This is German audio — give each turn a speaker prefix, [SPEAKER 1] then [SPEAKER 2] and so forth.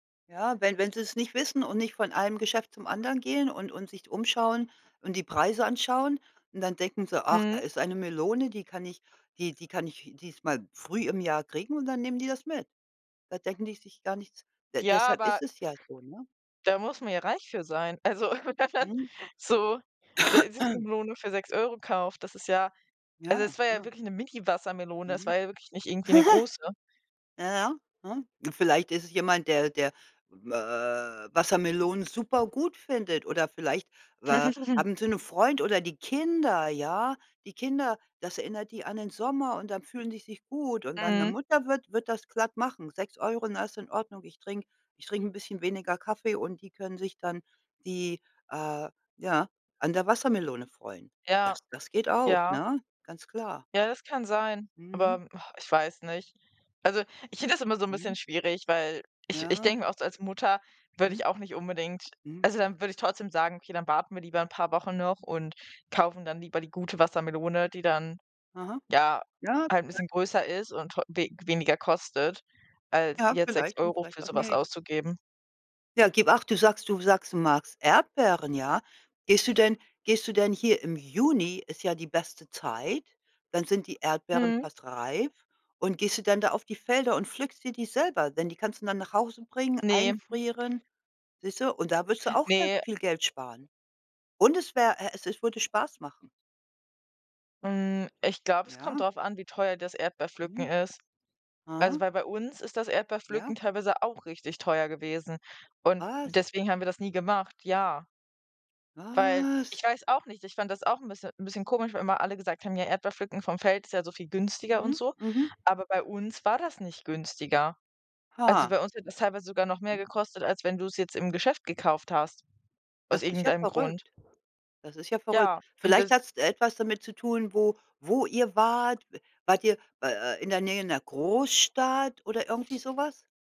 [SPEAKER 1] Ja, wenn wenn sie's nicht wissen und nicht von einem Geschäft zum anderen gehen und und sich umschauen und die Preise anschauen und dann denken sie: „Ach, da
[SPEAKER 2] Mhm.
[SPEAKER 1] ist eine Melone, die kann ich die die kann ich diesmal früh im Jahr kriegen“, und dann nehmen die das mit. Da denken die sich gar nichts
[SPEAKER 2] Ja,
[SPEAKER 1] deshalb ist
[SPEAKER 2] aber
[SPEAKER 1] es ja so, ne?
[SPEAKER 2] da muss man ja reich für sein. Also
[SPEAKER 1] Mhm.
[SPEAKER 2] so, se wenn man so sich 'ne Melone für 6 € kauft, das ist ja also
[SPEAKER 1] Ja,
[SPEAKER 2] das war ja
[SPEAKER 1] klar.
[SPEAKER 2] wirklich 'ne mini
[SPEAKER 1] Mhm.
[SPEAKER 2] Wassermelone, es war ja wirklich nicht irgendwie 'ne große.
[SPEAKER 1] Ja, ja, hm. Vielleicht ist es jemand, der der We Wassermelonen supergut findet oder vielleicht we haben sie 'nen Freund oder die Kinder, ja? Die Kinder, das erinnert die an den Sommer und dann fühlen die sich gut und dann 'ne
[SPEAKER 2] Mhm.
[SPEAKER 1] Mutter wird wird das glatt machen. 6 € und das ist in Ordnung. Ich trinke ich trinke bisschen weniger Kaffee und die können sich dann die äh, ja, an der Wassermelone freuen.
[SPEAKER 2] Ja,
[SPEAKER 1] Das das geht auch,
[SPEAKER 2] ja.
[SPEAKER 1] ne, ganz klar.
[SPEAKER 2] Ja, das kann sein,
[SPEAKER 1] Mhm.
[SPEAKER 2] aber, ach, ich weiß nicht. Also, ich finde das immer so 'n
[SPEAKER 1] Mhm.
[SPEAKER 2] bisschen schwierig, weil ich ich
[SPEAKER 1] Ja.
[SPEAKER 2] denke mir oft so als Mutter würde
[SPEAKER 1] Mhm.
[SPEAKER 2] ich auch nicht unbedingt
[SPEAKER 1] Mhm.
[SPEAKER 2] also dann, würde ich trotzdem sagen: „Okay, dann warten wir lieber 'n paar Wochen noch und kaufen dann lieber die gute Wassermelone, die dann,
[SPEAKER 1] Aha.
[SPEAKER 2] ja,
[SPEAKER 1] Ja,
[SPEAKER 2] halt 'n
[SPEAKER 1] ja.
[SPEAKER 2] bisschen größer ist und tro we weniger kostet,“ als
[SPEAKER 1] Ja,
[SPEAKER 2] jetzt sechs
[SPEAKER 1] vielleicht und
[SPEAKER 2] Euro
[SPEAKER 1] vielleicht
[SPEAKER 2] für
[SPEAKER 1] auch
[SPEAKER 2] sowas
[SPEAKER 1] nicht.
[SPEAKER 2] auszugeben.
[SPEAKER 1] Ja, gib acht, du sagst du sagst du magst Erdbeeren, ja. Gehst du denn gehst du denn hier im Juni, ist ja die beste Zeit, dann sind die Erdbeeren
[SPEAKER 2] Mhm.
[SPEAKER 1] fast reif und gehst du dann da auf die Felder und pflückst dir die selber, denn die kannst du dann nach Hause bringen,
[SPEAKER 2] Ne.
[SPEAKER 1] einfrieren, siehste? Und da wirst du auch ganz
[SPEAKER 2] Ne, äh
[SPEAKER 1] viel Geld sparen. Und es wäre e es würde Spaß machen.
[SPEAKER 2] Hm, ich glaube, es kommt
[SPEAKER 1] Ja.
[SPEAKER 2] darauf an, wie teuer das Erdbeerpflücken
[SPEAKER 1] Mhm.
[SPEAKER 2] ist. Also,
[SPEAKER 1] Aha.
[SPEAKER 2] weil bei uns ist das Erdbeerpflücken
[SPEAKER 1] Ja.
[SPEAKER 2] teilweise auch richtig teuer gewesen und
[SPEAKER 1] Was?
[SPEAKER 2] deswegen haben wir das nie gemacht, ja. Weil, ich
[SPEAKER 1] Was?
[SPEAKER 2] weiß auch nicht, ich fand das auch 'n bisschen 'n bisschen komisch, weil immer alle gesagt haben: „Ja, Erdbeerpflücken vom Feld ist ja so viel günstiger und
[SPEAKER 1] Mhm,
[SPEAKER 2] so.“
[SPEAKER 1] mhm.
[SPEAKER 2] Aber bei uns war das nicht günstiger. Also
[SPEAKER 1] Ha.
[SPEAKER 2] bei uns hätte das teilweise sogar noch mehr
[SPEAKER 1] Mhm.
[SPEAKER 2] gekostet, als wenn du 's jetzt im Geschäft gekauft hast, aus
[SPEAKER 1] Das ist ja
[SPEAKER 2] irgendeinem Grund.
[SPEAKER 1] verrückt das ist ja verrückt.
[SPEAKER 2] Ja, und
[SPEAKER 1] Vielleicht
[SPEAKER 2] das
[SPEAKER 1] hat's etwas damit zu tun, wo wo ihr wart. W wart ihr, äh äh in der Nähe 'ner Großstadt oder irgendwie so was?